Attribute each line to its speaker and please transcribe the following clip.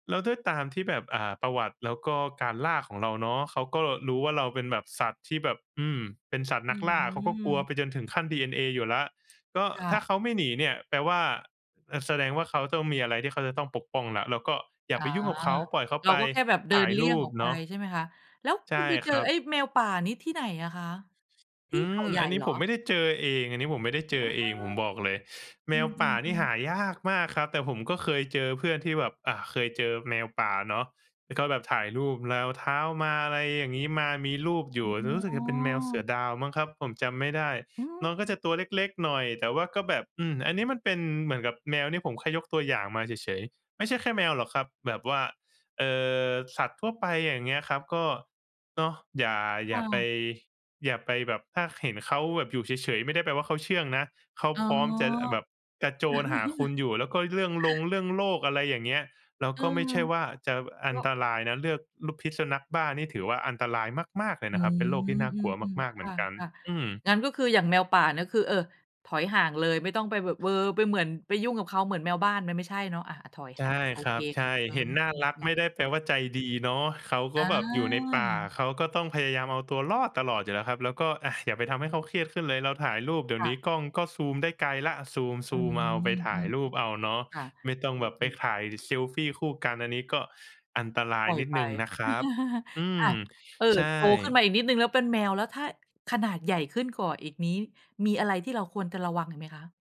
Speaker 1: แล้วด้วยตามที่แบบ อ่า ประวัติ แล้วก็การล่าของเราเนาะ เขาก็รู้ว่าเราเป็นแบบสัตว์ที่แบบ อืม เป็นสัตว์
Speaker 2: อื
Speaker 1: นักล่า เขาก็กลัว
Speaker 2: ม
Speaker 1: ไปจนถึงขั้นดีเอ็นเออยู่แล้ว ก็
Speaker 2: ค่
Speaker 1: ถ้า
Speaker 2: ะ
Speaker 1: เขาไม่หนีเนี่ย แปลว่า อ อา แสดงว่าเขาต้องมีอะไรที่เขาจะต้องปกป้องแล้ว เราก็อย่
Speaker 2: อ
Speaker 1: า
Speaker 2: า
Speaker 1: ไปยุ่งกับเขา ปล่อยเขา
Speaker 2: เรา
Speaker 1: ไป
Speaker 2: ก็แค่แบบเดิ
Speaker 1: ถ่า
Speaker 2: น
Speaker 1: ย
Speaker 2: เลี
Speaker 1: ร
Speaker 2: ่ยง
Speaker 1: ู
Speaker 2: อ
Speaker 1: ป
Speaker 2: อกไป
Speaker 1: เนาะ
Speaker 2: ใช่ไหมคะ? แล้ว
Speaker 1: ใ
Speaker 2: ค
Speaker 1: ช
Speaker 2: ุณ
Speaker 1: ่
Speaker 2: ไปเจ
Speaker 1: ค
Speaker 2: อ
Speaker 1: รั
Speaker 2: ไอ
Speaker 1: บ
Speaker 2: ้แมวป่านี่ที่ไหนอะคะ ท
Speaker 1: อ
Speaker 2: ี่
Speaker 1: ื
Speaker 2: เขา
Speaker 1: อ
Speaker 2: ใหญ
Speaker 1: อ
Speaker 2: ่
Speaker 1: ันนี
Speaker 2: เ
Speaker 1: ้
Speaker 2: หรอ?
Speaker 1: ผมไม่ได้เจอเอง อันนี้ผมไม่ได้เจ
Speaker 2: อ้
Speaker 1: อ
Speaker 2: อ
Speaker 1: เอง ผมบอกเลย แ
Speaker 2: อ
Speaker 1: ม
Speaker 2: ื
Speaker 1: วป่านี่
Speaker 2: ม ๆ
Speaker 1: ห
Speaker 2: ๆ
Speaker 1: ายากมากครับ แต่ผมก็เคยเจอเพื่อนที่แบบ อา เคยเจอแมวป่าเนาะ แล้วก็แบบถ่ายรูปรอย เท้ามา อะไรอย่างงี้ มามีรูปอยู่
Speaker 2: อ
Speaker 1: รู้สึก
Speaker 2: ๋
Speaker 1: จะเป็นแมวเสื
Speaker 2: อ
Speaker 1: อดาวมั้งครับ ผมจำไม่ได้
Speaker 2: อื
Speaker 1: น้อ
Speaker 2: ม
Speaker 1: งก็จะตัวเล็ก ๆ หน่อย แต่ว่าก็แบบ อืม อันนี้มันเป็นเหมือนกับแมว นี่ผมแค่ยกตัวอย่างมาเฉย ๆ ไม่ใช่แค่แมวหรอกครับ แบบว่า เออ สัตว์ทั่วไป อย่างเงี้ยครับ ก็เนาะ อย่า อ
Speaker 2: ค
Speaker 1: ย่
Speaker 2: ่
Speaker 1: าไป
Speaker 2: ะ
Speaker 1: อย่าไปแบบ ถ้าเห็นเขาแบบอยู่เฉย ๆ ไม่ได้แปลว่าเขาเชื่องนะ เขา
Speaker 2: อ๋อ
Speaker 1: พร้อมจะ อ แบบกระโจนหาคุณอยู่ แล้วก็เรื่องรงเรื่องโรค อะไรอย่างเงี้ย เรา
Speaker 2: เอ
Speaker 1: ก
Speaker 2: อ
Speaker 1: ็ไม่ใช่ว่าจะอ
Speaker 2: ก
Speaker 1: ัน
Speaker 2: ็
Speaker 1: ตรายนะ เลือกรูป พิษสุนัขบ้านี่ ถือว่าอันตรายมาก ๆ เลย
Speaker 2: อ
Speaker 1: น
Speaker 2: ื
Speaker 1: ะครับ
Speaker 2: ม
Speaker 1: เป็นโรคที่น่า
Speaker 2: อ
Speaker 1: กลัว
Speaker 2: ืม
Speaker 1: มาก ๆ
Speaker 2: ๆ
Speaker 1: เห
Speaker 2: ค
Speaker 1: มื
Speaker 2: ่
Speaker 1: อนกัน
Speaker 2: ะ
Speaker 1: อืม
Speaker 2: ๆ งั้นก็คือ อย่างแมวป่าเนี่ย คือ เออ ถอยห่างเลย ไม่ต้องไปแบบ เออ ไปเหมือน ไปยุ่งกับเขา เหมือนแมวบ้าน มันไม่ใช่เนาะ อา ๆ ถอย
Speaker 1: ใ
Speaker 2: ห
Speaker 1: ช
Speaker 2: ่
Speaker 1: ่
Speaker 2: าง โอ
Speaker 1: ครั
Speaker 2: เค
Speaker 1: บ ใช
Speaker 2: ค
Speaker 1: ่
Speaker 2: ่ะ อื
Speaker 1: เห็
Speaker 2: ม
Speaker 1: นน่า
Speaker 2: อ
Speaker 1: รัก
Speaker 2: ือ ๆ
Speaker 1: ไม่ได้แปลว่าใจดีเนาะ เขาก็
Speaker 2: อ
Speaker 1: แบบอยู่ในป่า
Speaker 2: า
Speaker 1: เขาก็ต้องพยายามเอาตัวรอดตลอดอยู่แล้วครับ แล้วก็ อา อย่าไปทำให้เขาเครียดขึ้นเลย เราถ่ายรูป เดี๋ย
Speaker 2: ค
Speaker 1: ว
Speaker 2: ่
Speaker 1: นี้
Speaker 2: ะ
Speaker 1: กล้องก็ Zoom ได้ไกลแล้ว อา Zoom
Speaker 2: อืม
Speaker 1: Zoom เอา ไปถ่
Speaker 2: อื
Speaker 1: าย
Speaker 2: อ
Speaker 1: รูปเอาเนาะ
Speaker 2: ๆ ค่ะ
Speaker 1: ไม่ต้อง
Speaker 2: อื
Speaker 1: แบบไป
Speaker 2: อ ๆ
Speaker 1: ถ่ายเซลฟีคู่กัน อันนี้ก็อันตรา
Speaker 2: ป
Speaker 1: ย
Speaker 2: ล่อย
Speaker 1: นิด
Speaker 2: ไป
Speaker 1: หนึ่งนะครับ อื
Speaker 2: อ
Speaker 1: ม
Speaker 2: า เอ
Speaker 1: ใ
Speaker 2: อ
Speaker 1: ช
Speaker 2: โตขึ้น
Speaker 1: ่
Speaker 2: มาอีกนิดหนึ่งแล้ว เป็นแมวแล้ว ถ้า ขนาดใหญ่ขึ้นกว่าอีกนี้ มีอะไรที่เราควรจะระวังอีกไหมคะ?